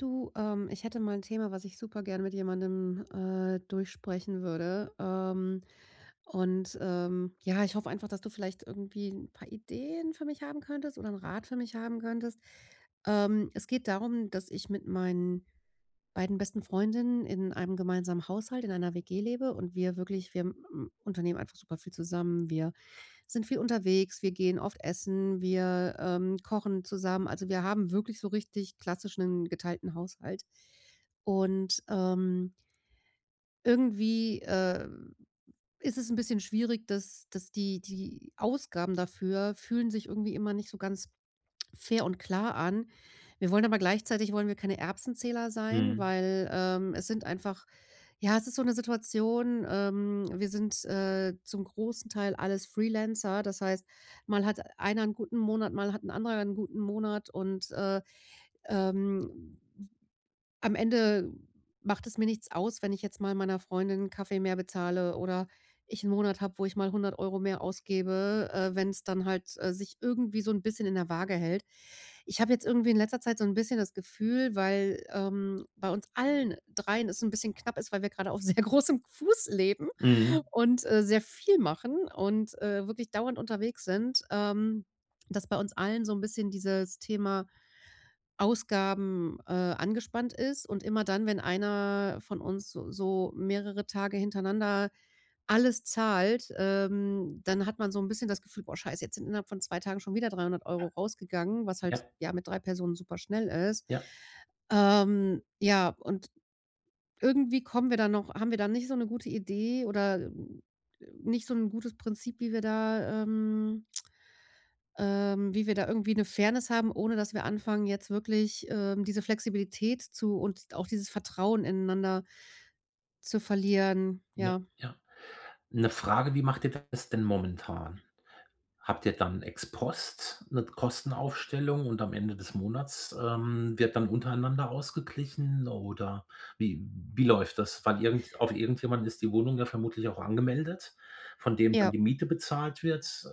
Du, ähm, ich hätte mal 'n Thema, was ich super gern mit jemandem, äh, durchsprechen würde, ähm, und ähm, ja, ich hoffe einfach, dass du vielleicht irgendwie 'n paar Ideen für mich haben könntest oder 'n Rat für mich haben könntest, ähm. Es geht darum, dass ich mit meinen beiden besten Freundinnen in einem gemeinsamen Haushalt, in einer WG lebe und wir wirklich wir, m unternehmen einfach super viel zusammen, wir sind viel unterwegs, wir gehen oft essen, wir, ähm, kochen zusammen. Also, wir haben wirklich so richtig klassischen geteilten Haushalt und, ähm irgendwie, äh, ist es 'n bisschen schwierig, dass dass die die Ausgaben dafür fühlen sich irgendwie immer nicht so ganz fair und klar an. Wir wollen aber gleichzeitig wollen wir keine Erbsenzähler sein, Mhm. weil, ähm, es sind einfach ja, es ist so 'ne Situation, ähm, wir sind, äh, zum großen Teil alles Freelancer, das heißt, mal hat einer 'n guten Monat, mal hat 'n anderer 'n guten Monat und, äh, ähm, am Ende macht es mir nichts aus, wenn ich jetzt mal meiner Freundin 'n Kaffee mehr bezahle oder ich 'n Monat habe, wo ich mal 100 € mehr ausgebe, äh, wenn's dann halt, äh, sich irgendwie so 'n bisschen in der Waage hält. Ich habe jetzt irgendwie in letzter Zeit so 'n bisschen das Gefühl, weil, ähm, bei uns allen dreien es 'n bisschen knapp ist, weil wir grade auf sehr großem Fuß leben Mhm. und, äh, sehr viel machen und, äh, wirklich dauernd unterwegs sind, ähm, dass bei uns allen so 'n bisschen dieses Thema Ausgaben, äh, angespannt ist. Und immer dann, wenn einer von uns so so mehrere Tage hintereinander alles zahlt, ähm, dann hat man so 'n bisschen das Gefühl: „Oh, Scheiße, jetzt sind innerhalb von 2 Tagen schon wieder 300 € rausgegangen”, was halt, Ja. ja, mit 3 Personen super schnell ist, Ja. ähm, ja, und irgendwie kommen wir da noch haben wir da nicht so 'ne gute Idee oder nicht so 'n gutes Prinzip, wie wir da, ähm ähm, wie wir da irgendwie 'ne Fairness haben, ohne dass wir anfangen, jetzt wirklich, ähm, diese Flexibilität zu und auch dieses Vertrauen ineinander zu verlieren, Ja, ja. ja. 'Ne Frage, wie macht ihr das denn momentan? Habt ihr dann Ex-Post, 'ne Kostenaufstellung und am Ende des Monats, ähm, wird dann untereinander ausgeglichen oder wie wie läuft das? Weil irgend auf irgendjemanden ist die Wohnung ja vermutlich auch angemeldet, von dem dann Ja. die Miete bezahlt wird? Äh,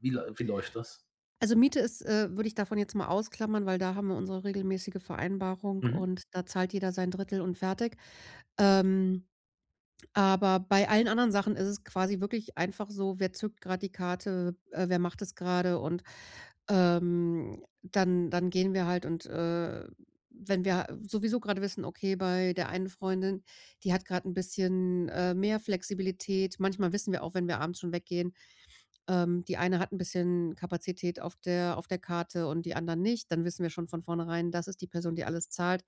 wie läu wie läuft das? Also, Miete ist äh, würde ich davon jetzt mal ausklammern, weil da haben wir unsere regelmäßige Vereinbarung Mhm. und da zahlt jeder sein 1/3 und fertig, ähm, aber bei allen anderen Sachen ist es quasi wirklich einfach so: „Wer zückt grad die Karte, äh, wer macht das grade”, und, ähm, dann dann gehen wir halt und, äh, wenn wir sowieso grade wissen: „Okay, bei der einen Freundin, die hat grad 'n bisschen, äh, mehr Flexibilität” manchmal wissen wir auch, wenn wir abends schon weggehen, ähm, die eine hat 'n bisschen Kapazität auf der auf der Karte und die anderen nicht, dann wissen wir schon von vornherein, das ist die Person, die alles zahlt,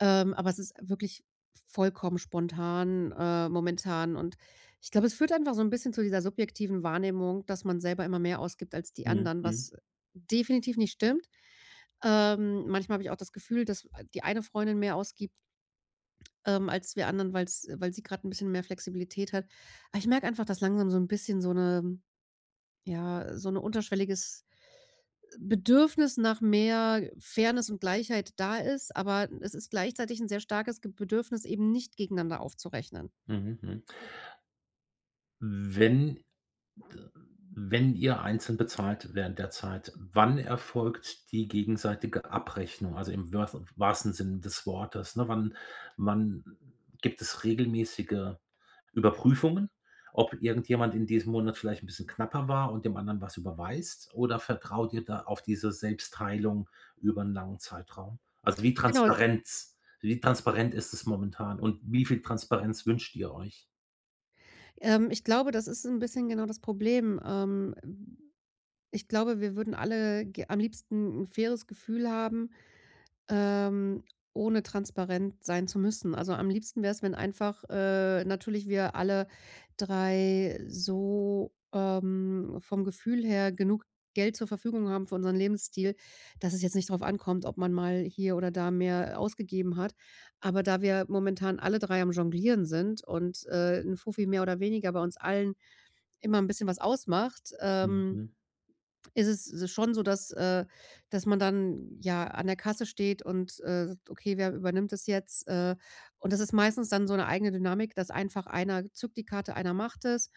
ähm, aber es ist wirklich vollkommen spontan, ähm, momentan und ich glaube, es führt einfach so 'n bisschen zu dieser subjektiven Wahrnehmung, dass man selber immer mehr ausgibt als die Mhm, anderen, mhm. was, äh, definitiv nicht stimmt. Ähm, manchmal habe ich auch das Gefühl, dass die eine Freundin mehr ausgibt ähm, als wir anderen, weil's weil sie grad 'n bisschen mehr Flexibilität hat, aber ich merke einfach, dass langsam so 'n bisschen so 'ne ja, so 'ne unterschwelliges Bedürfnis nach mehr Fairness und Gleichheit da ist, aber es ist gleichzeitig 'n sehr starkes G Bedürfnis, eben nicht gegeneinander aufzurechnen. Mhm, mhm. Wenn wenn ihr einzeln bezahlt während der Zeit, wann erfolgt die gegenseitige Abrechnung, also, im wört wahrsten Sinne des Wortes, ne? Wann wann gibt es regelmäßige Überprüfungen, ob irgendjemand in diesem Monat vielleicht 'n bisschen knapper war und dem anderen was überweist, oder vertraut ihr da auf diese Selbstteilung über 'n langen Zeitraum? Also, wie Genau, s Transparenz wie transparent ist es momentan und wie viel Transparenz wünscht ihr euch? Ähm, ich glaube, das ist 'n bisschen genau das Problem. Ähm. Ich glaube, wir würden ge alle am liebsten 'n faires Gefühl haben, ähm, ohne transparent sein zu müssen. Also am liebsten wär's, wenn einfach, äh, natürlich wir alle 3 so, ähm, vom Gefühl her genug Geld zur Verfügung haben für unseren Lebensstil, dass es jetzt nicht drauf ankommt, ob man mal hier oder da mehr ausgegeben hat. Aber da wir momentan alle 3 am Jonglieren sind und, äh, 'n Fuffi mehr oder weniger bei uns allen immer 'n bisschen was ausmacht, ähm, Mhm. ist es schon so, dass äh, dass man dann ja an der Kasse steht und, äh: „Okay, wer übernimmt das jetzt, äh“, und das ist meistens dann so 'ne eigene Dynamik, dass einfach einer zückt die Karte. Einer macht es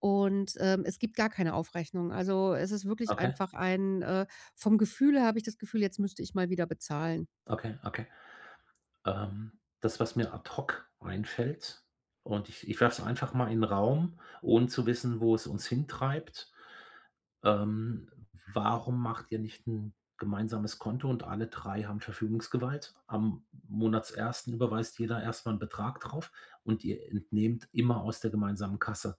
und, ähm, es gibt gar keine Aufrechnung. Also, es ist wirklich Okay. einfach ein, äh vom Gefühl her, habe ich das Gefühl, jetzt müsste ich mal wieder bezahlen. Okay, okay. Ähm, das, was mir ad hoc einfällt, und ich ich werfe es einfach mal in 'n Raum, ohne zu wissen, wo es uns hintreibt. Ähm, warum macht ihr nicht 'n gemeinsames Konto und alle 3 haben Verfügungsgewalt? Am Monatsersten überweist jeder erst mal 'n Betrag drauf und ihr entnehmt immer aus der gemeinsamen Kasse.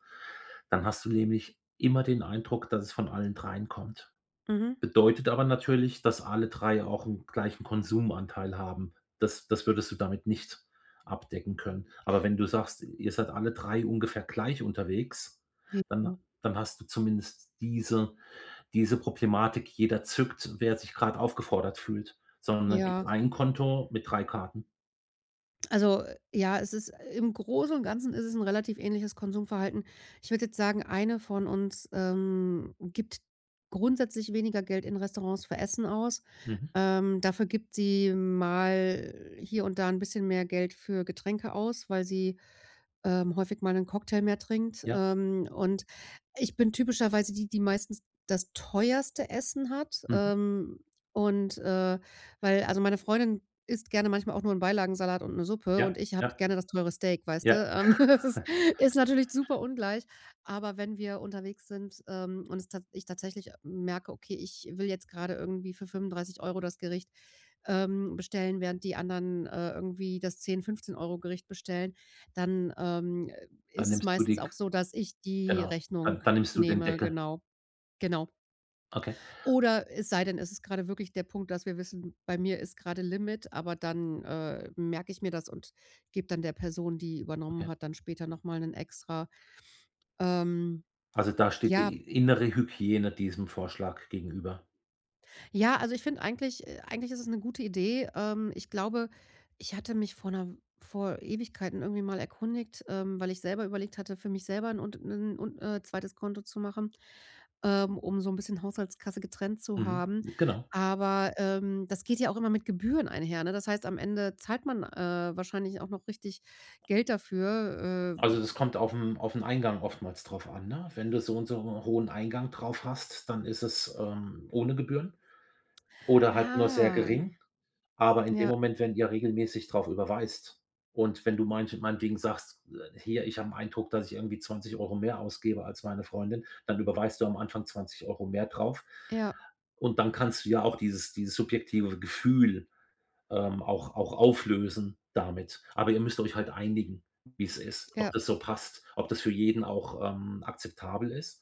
Dann hast du nämlich immer den Eindruck, dass es von allen 3 kommt. Mhm. Bedeutet aber natürlich, dass alle 3 auch 'n gleichen Konsumanteil haben. Das das würdest du damit nicht abdecken können. Aber wenn du sagst, ihr seid alle 3 ungefähr gleich unterwegs, J dann [unintelligible] dann hast du zumindest diese diese Problematik, jeder zückt, wer sich grad aufgefordert fühlt, sondern dann gibt's Ja. 1 Konto mit 3 Karten. Also, äh, ja, es ist im Großen und Ganzen ist es 'n relativ ähnliches Konsumverhalten. Ich würde jetzt sagen, eine von uns, ähm, gibt grundsätzlich weniger Geld in Restaurants für Essen aus. Mhm. Ähm, dafür gibt sie mal hier und da 'n bisschen mehr Geld für Getränke aus, weil sie, ähm, häufig mal 'nen Cocktail mehr trinkt. Ja. Ähm, und ich bin typischerweise die, die meistens das teuerste Essen hat. Mhm. Ähm, und, äh, weil also meine Freundin isst gerne manchmal auch nur 'n Beilagensalat und 'ne Suppe Ja. und ich habe Ja. gerne das teure Steak, weißt du? Ja. Ähm, es ist ist natürlich super ungleich, aber wenn wir unterwegs sind, ähm, und es tat ich tatsächlich merke: „Okay, ich will jetzt grade irgendwie für 35 € das Gericht, ähm, bestellen, während die anderen, äh, irgendwie das 10, 15 € Gericht bestellen“, dann, ähm, äh, Dann ist es nimmst du meistens die K auch so, dass ich die genau. Dann Rechnung dann nimmst du den nehme, Deckel. genau. Genau. Okay. Oder es sei denn, es ist grade wirklich der Punkt, dass wir wissen, bei mir ist grade Limit, aber dann, äh, merke ich mir das und geb dann der Person, die übernommen Okay. hat, dann später noch mal 'nen extra, ähm Also, da steht ja. die i innere Hygiene diesem Vorschlag gegenüber. Ja. Also, ich finde eigentlich äh, eigentlich ist es 'ne gute Idee. Ähm, ich glaube, ich hatte mich vor 'ner vor Ewigkeiten irgendwie mal erkundigt, ähm, weil ich selber überlegt hatte, für mich selber 'n Unt 'nen Un äh, 2. Konto zu machen, ähm, um so 'n bisschen Haushaltskasse getrennt zu Mhm. haben. Genau. Aber, ähm, das geht ja auch immer mit Gebühren einher, ne? Das heißt, am Ende zahlt man, äh, wahrscheinlich auch noch richtig Geld dafür, äh w Also, das kommt aufm auf 'n Eingang oftmals drauf an, ne? Wenn du so und so hohen Eingang drauf hast, dann ist es, ähm, ohne Gebühren oder halt nur sehr Ah. gering, aber in dem Ja. Moment, wenn ihr regelmäßig drauf überweist. Und wenn du manch meinetwegen sagst: „Äh, hier, ich habe 'n Eindruck, dass ich irgendwie 20 € mehr ausgebe als meine Freundin“, dann überweist du am Anfang 20 € mehr drauf. Ja. Und dann kannst du ja auch dieses dieses subjektive Gefühl, ähm, auch auch auflösen damit. Aber ihr müsst euch halt einigen, wie's ist. Ob Ja. das so passt? Ob das für jeden auch, ähm, akzeptabel ist?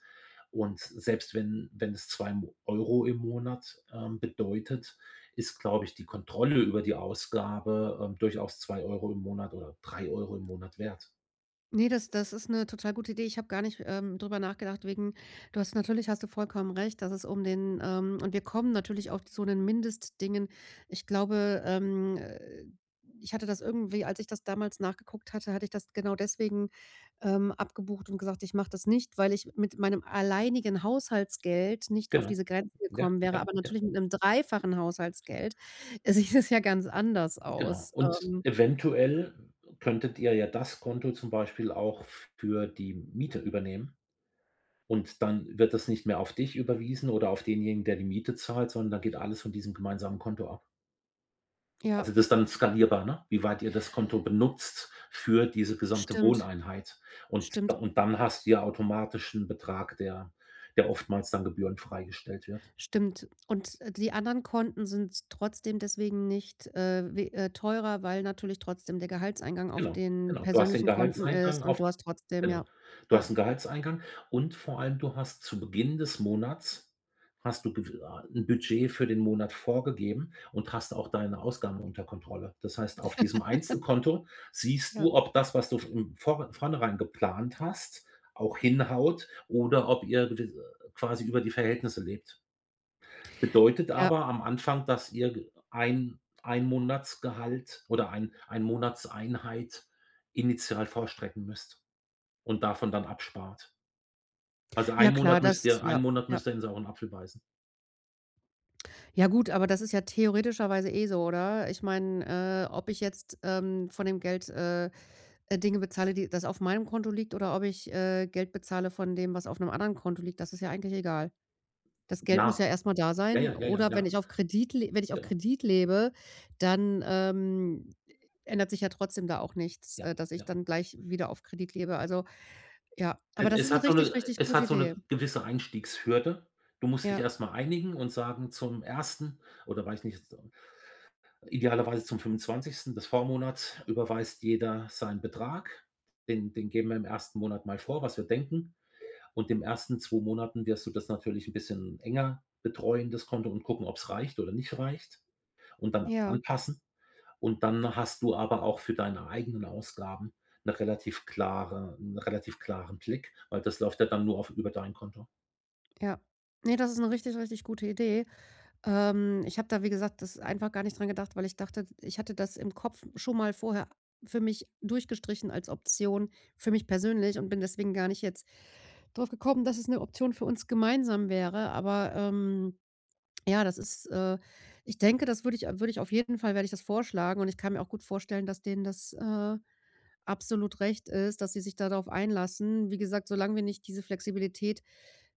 Und selbst wenn wenn es 2 Mo Euro im Monat, ähm, bedeutet, ist, glaube ich, die Kontrolle über die Ausgabe, äh, durchaus 2 € im Monat oder 3 € im Monat wert. Ne, das das ist 'ne total gute Idee. Ich habe gar nicht, ähm, drüber nachgedacht wegen du hast natürlich hast du vollkommen recht, dass es um den ähm, und wir kommen natürlich auch zu den Mindestdingen. Ich glaube, ähm, äh, ich hatte das irgendwie als ich das damals nachgeguckt hatte, hatte ich das genau deswegen, ähm, abgebucht und gesagt: „Ich mache das nicht, weil ich mit meinem alleinigen Haushaltsgeld nicht auf Genau. diese Grenzen Ja, gekommen wäre”, ja, aber ja. natürlich mit 'nem 3-fachen Haushaltsgeld sieht es ja ganz anders Genau, aus, und ähm. eventuell könntet ihr ja das Konto zum Beispiel auch für die Miete übernehmen und dann wird das nicht mehr auf dich überwiesen oder auf denjenigen, der die Miete zahlt, sondern da geht alles von diesem gemeinsamen Konto ab. Also, Ja. das dann skalierbar, ne, wie weit ihr das Konto benutzt für diese gesamte Stimmt. Wohneinheit und da Stimmt. und dann hast du ja automatisch 'n Betrag, der der oftmals dann gebührenfrei gestellt wird. Stimmt, und, äh, die anderen Konten sind trotzdem deswegen nicht, äh, we äh, teurer, weil natürlich trotzdem der Gehaltseingang auf Genau, den genau, du hast den persönlichen Konten Gehaltseingang ist auf und du hast trotzdem genau, ja, du ja. hast 'n Gehaltseingang und vor allem du hast zu Beginn des Monats hast du gew ah 'n Budget für den Monat vorgegeben und hast auch deine Ausgaben unter Kontrolle. Das heißt, auf diesem Einzelkonto siehst Ja. du, ob das, was du f im vor vornherein geplant hast, auch hinhaut oder ob ihr d quasi über die Verhältnisse lebt. Äh, Bedeutet ja. aber am Anfang, dass ihr g 1- 1 Monatsgehalt oder 1- 1 Monatseinheit initial vorstrecken müsst und davon dann abspart. Also, Ja 1 klar, Monat müsst das ihr 1 ja, Monat ja. müsst ihr in sauren Apfel beißen. Ja, gut, aber das ist ja theoretischerweise eh so, oder? Ich meine, äh, ob ich jetzt, ähm, von dem Geld, äh, Dinge bezahle, die das auf meinem Konto liegt, oder ob ich, äh, Geld bezahle von dem, was auf 'nem anderen Konto liegt, das ist ja eigentlich egal. Das Geld muss Ja. ja erstmal da Ja, sein ja. Ja, ja. oder wenn Ja. ich auf Kredit le wenn ich auf Ja. Kredit lebe, dann, ähm, ändert sich ja trotzdem da auch nichts, Ja, äh, dass ich ja. dann gleich wieder auf Kredit lebe. Also, ja, aber Es das ist es 'ne hat so richtig, 'ne richtig es gute hat so 'ne Idee. gewisse Einstiegshürde. Du musst dich Ja. erst mal einigen und sagen, zum 1. oder weiß ich nicht, z idealerweise zum 25. des Vormonats überweist jeder seinen Betrag, den den geben wir im ersten Monat mal vor, was wir denken. Und in den ersten 2 Monaten wirst du das natürlich 'n bisschen enger betreuen, das Konto, und gucken, ob's reicht oder nicht reicht, und dann Ja. anpassen. Und dann hast du aber auch für deine eigenen Ausgaben 'ne relativ klare 'nen relativ klaren Blick, weil das läuft ja dann nur auf über dein Konto. Ja. Ne, das ist 'ne richtig, richtig gute Idee. Ähm, ich habe da, wie gesagt, das einfach gar nicht dran gedacht, weil ich dachte, ich hatte das im Kopf schon mal vorher für mich durchgestrichen als Option für mich persönlich, und bin deswegen gar nicht jetzt draufgekommen, dass es 'ne Option für uns gemeinsam wäre. Aber, ähm, ja, das ist äh, ich denke, das würde ich würde ich auf jeden Fall werde ich das vorschlagen und ich kann mir auch gut vorstellen, dass denen das, äh, absolut recht ist, dass sie sich da drauf einlassen. Wie gesagt, solange wir nicht diese Flexibilität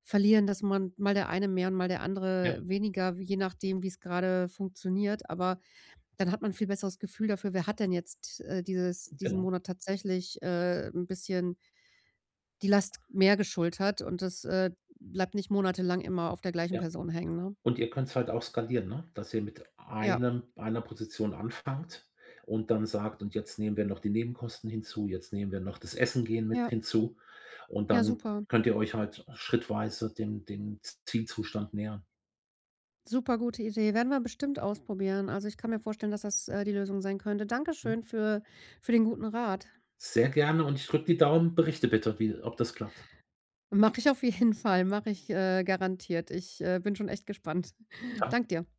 verlieren, dass man mal der eine mehr und mal der Ja. andere weniger, je nachdem, wie's grade funktioniert, aber dann hat man 'n viel besseres Gefühl dafür, wer hat denn jetzt, äh, dieses diesen Genau. Monat tatsächlich, äh, 'n bisschen die Last mehr geschultert und das, äh, bleibt nicht monatelang immer auf der gleichen Ja, Person hängen, ne? und ihr könnt's halt auch skalieren, ne, dass ihr mit Ja. einem einer Position anfangt und dann sagt: „Und jetzt nehmen wir noch die Nebenkosten hinzu, jetzt nehmen wir noch das Essen gehen mit Ja. hinzu“, und Ja, dann super. könnt ihr euch halt schrittweise dem dem Zielzustand nähern. Supergute Idee. Werden wir bestimmt ausprobieren, also ich kann mir vorstellen, dass das, äh, die Lösung sein könnte. Hm. Dankeschön für für den guten Rat. Sehr gerne und ich drücke die Daumen. Berichte bitte wie ob das klappt. Mache ich auf jeden Fall, mache ich äh, garantiert. Ich äh, bin schon echt gespannt. [unintelligible] Danke dir.